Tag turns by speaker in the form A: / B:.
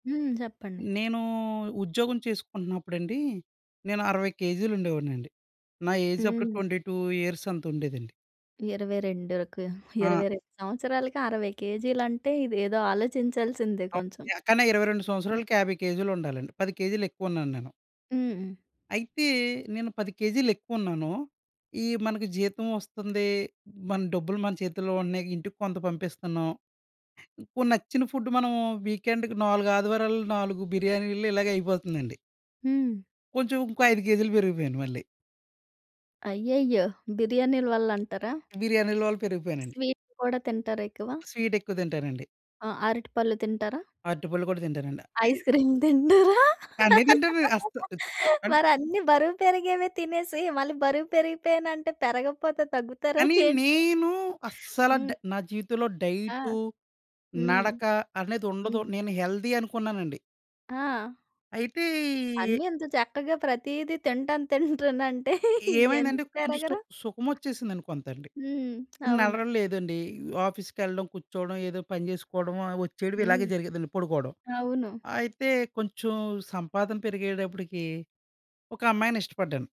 A: హ్మ్. చెప్పండి.
B: నేనూ ఉద్యోగం చేసుకుంటున్నప్పుడండి. నేను 60 కేజీలు ఉండేవాడినండి. నా ఏజ్ అప్పుడు
A: హ్మ్.
B: 22 ఇయర్స్ అంత ఉండేదండి.
A: ఇరవై రెండుకు,
B: ఆ!
A: 22 సంవత్సరాలకి 60 కేజీలంటే ఇదేదో ఆలోచించాల్సిందే
B: అప్
A: కొంచెం.
B: ఎక్కన్నా 22 సంవత్సరాలకి 50 కేజీలు ఉండాలండి 10 కేజీలు ఎక్కువ ఉన్నాను నేను.
A: హ్మ్.
B: అయితే నేను 10 కేజీలు ఎక్కువ ఉన్నాను. ఈ మనకు జీతం వస్తుంది. మన డబ్బులు మన చేతుల్లో ఉన్నాయి. ఇంటికి కొంత పంపిస్తున్నాం. ఇప్పుడు నచ్చిన ఫుడ్ మనం వీకెండ్‌కి 4 ఆదివారాలు 4 బిర్యానీలు ఇలాగే అయిపోతుందండి.
A: హ్మ్.
B: కొంచెం ఇంకో 5 కేజీలు పెరిగిపోయాను మళ్ళీ.
A: అయ్యయ్యో! బిర్యానీల వల్ల అంటారా?
B: బిర్యానీల వల్ల పెరిగిపోయానండి.
A: స్వీట్ కూడా తింటారా ఎక్కువ?
B: స్వీట్ ఎక్కువ తింటానండి.
A: ఆ! అరటి పళ్ళు తింటారా?
B: అరటిపళ్ళు కూడా తింటానండి. అయ్
A: ఐస్ క్రీమ్ తింటారా?
B: అన్నీ తింటానండి. అస్త్ ద్ అంటే
A: మరి అన్ని బరువు పెరిగేవే తినేసి మళ్ళీ బరువు పెరిగిపేయానంటే పెరగకపోతే తగ్గుతారా
B: కానీ
A: ఏంటి?
B: నేను అస్సల
A: హ్మ్.
B: డై నా జీవితంలో
A: ఆ!
B: డైటు,
A: హ్మ్.
B: నడక అనేది ఉండదు.
A: హ్మ్.
B: నేను హెల్దీ అనుకున్నానండి.
A: ఆ!
B: అయితే ఈయ్
A: అన్ని ఇంత చక్కగా ప్రతీది తింటాను తింటానంటే
B: ఏమైందంటే,
A: ఎందుకు
B: కొంచెం స్తు
A: పెరగరు.
B: సుఖమొచ్చేసిందండి కొంతండి.
A: హ్మ్. అవును.
B: నడకలు లేదండి. ఆఫీస్ కెళ్ళడం కూర్చోడం, ఏదో పని జేసుకోడమా, వచ్చేడం ఇలాగే
A: హ్మ్.
B: జరిగేదండి పడుకోడం.
A: అవును.
B: అయితే కొంచెం సంపాదన పెరిగేటప్పటికి ఒక అమ్మాయిని ఇష్టపడ్డాను.